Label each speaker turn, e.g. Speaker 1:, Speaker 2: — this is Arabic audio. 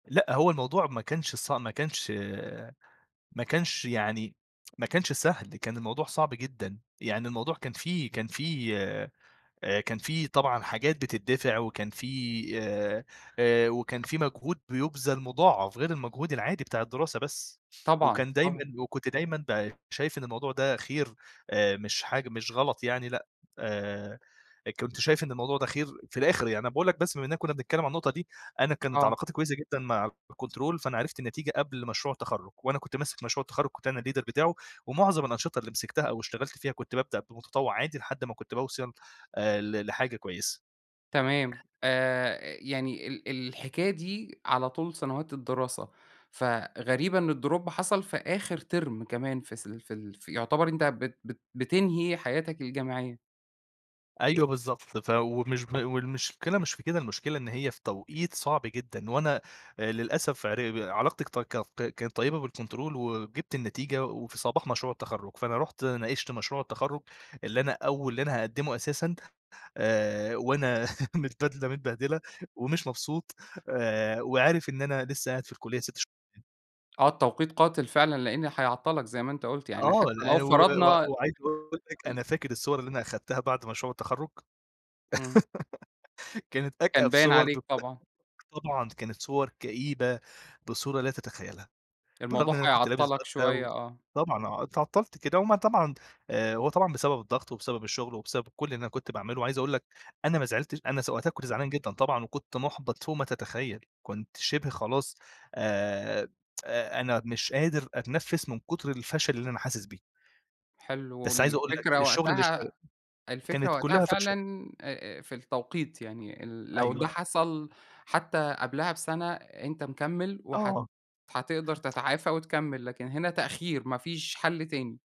Speaker 1: لأ هو الموضوع ما كانش ص ما كانش ما كانش يعني ما كانش سهل، كان الموضوع صعب جدًا، يعني الموضوع كان في كان في آآ كان في طبعًا حاجات بتتدفع، وكان في آآ، آآ وكان في مجهود بيُبذَل مضاعَف، غير المجهود العادي بتاع الدراسة بس،
Speaker 2: طبعًا،
Speaker 1: وكان دايمًا
Speaker 2: طبعًا.
Speaker 1: وكنت دايمًا ب شايف إن الموضوع ده خير، آآ مش حاج مش غلط يعني لأ، آآ إ كنت شايف إن الموضوع ده خير، في الآخر يعني أنا باقول لك بس بما إننا كنّا بنتكلّم عن النقطة دي، أنا كانت
Speaker 2: آه.
Speaker 1: علاقاتي كويسة جدًا مع الكنترول، فأنا عرفت النتيجة قبل مشروع التخرُّج، وأنا كنت ماسك مشروع التخرّج كنت أنا الleader بتاعه، ومُعظَم الأنشطة اللي مسكتها أو اشتغلت فيها كنت بابدأ بمتطوِّع عادي لحد ما كنت باوصَل، آآ ل لحاجة كويسة.
Speaker 2: تمام آآ، إ يعني ال الحكاية دي على طول سنوات الدراسة، فغريبة إن الdrop حصَل في آخر تِرم كمان، في س ال في ال ف يعتبر أنت بت بت بتنهي حياتك الجامعية.
Speaker 1: أيوه بالضبط، ف ومش ب والمشكلة مش في كده، المشكلة إن هي في توقيت صعب جدًا، وأنا آآ للأسف عر ب علاقتي كطت تكط كانت طيبة بالكونترول وجِبت النتيجة وفي صباح مشروع التخرُّج، فأنا رُحت ناقشت مشروع التخرُّج، اللي أنا أو اللي أنا هاقدّمه أساسًا، آآ وأنا مت بدلَة متبهدلة، ومش مبسوط، آآ وعارف إن أنا لسّه قاعد في الكُلّية 6 ش [unintelligible]
Speaker 2: آه، التوقيت قاتِل فعلًا، لإن هيعطّلك زي ما أنت قُلت، يعني
Speaker 1: آه،
Speaker 2: حتّى لو
Speaker 1: لا و و
Speaker 2: فرضنا
Speaker 1: وعايز أقول لك
Speaker 2: ال
Speaker 1: أنا فاكر الصور اللي أنا أخدتها بَعد مشروع التخرُّج،
Speaker 2: إمم.
Speaker 1: كانت
Speaker 2: كان
Speaker 1: أكأب
Speaker 2: باين
Speaker 1: صور دو
Speaker 2: عليك طبعًا.
Speaker 1: طبعًا كانت صور كئيبة بصورة لا تتخيّلها، بالرغم
Speaker 2: الموضوع
Speaker 1: إن أنا كنت لابس
Speaker 2: هيعطّلك
Speaker 1: بدلة و
Speaker 2: شويّة، آه.
Speaker 1: طبعًا آه، اتعطّلت كده وما طبعًا آآ هو طبعًا بسبب الضغط وبسبب الشغل وبسبب كلّ اللي أنا كنت باعمله، وعايز أقول لك أنا ما زعلتش أنا س وقتها كنت زعلان جدًا طبعًا وكنت مُحبَط فوق ما تتخيّل، كنت شِبه خلاص آآ، أ أنا مش قادر أتنفّس من كُتر الفشل اللي أنا حاسس بيه.
Speaker 2: حلو
Speaker 1: بس عايز أقول لك،
Speaker 2: والفكرة
Speaker 1: الشغل اللي اشتغ
Speaker 2: وقتها الفكرة
Speaker 1: كانت
Speaker 2: وقتها
Speaker 1: كلّها
Speaker 2: فعلًا،
Speaker 1: فشَل.
Speaker 2: آآ، آآ، في التوقيت، يعني ال لو ده
Speaker 1: أيوه.
Speaker 2: حصَل حتّى قبلها بسَنة، أنت مكمِّل وهت
Speaker 1: آه.
Speaker 2: هتقدَر تتعافى وتكمِّل، لكن هنا تأخير ما فيش حل تاني.